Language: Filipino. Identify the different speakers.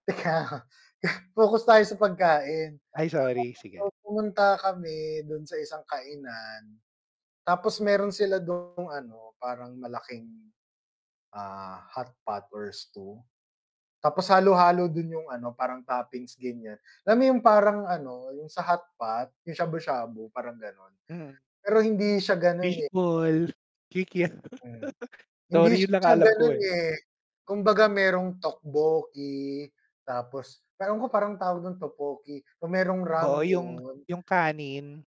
Speaker 1: Teka, focus tayo sa pagkain,
Speaker 2: Ay,
Speaker 1: kahapon
Speaker 2: sorry,
Speaker 1: po
Speaker 2: sige.
Speaker 1: pumunta kami dun sa isang kainan, tapos meron sila dung ano, parang malaking, ah, hotpot or stew, tapos halo-halo dun yung ano parang toppings ganiyan, alam mo yung parang ano, yung sa hotpot yung shabu-shabu parang ganon,
Speaker 2: Mm.
Speaker 1: pero hindi siya ganon,
Speaker 2: Fish
Speaker 1: eh
Speaker 2: ball, kikiam
Speaker 1: mm, hindi
Speaker 2: sorry, yun lang ang
Speaker 1: siya
Speaker 2: alam ko,
Speaker 1: ganun,
Speaker 2: eh.
Speaker 1: eh, kumbaga merong tteokbokki tapos ewan ko parang alam ko parang tawag dun tteokbokki, yung merong
Speaker 2: Oo, yung
Speaker 1: ramyun.
Speaker 2: yung kanin.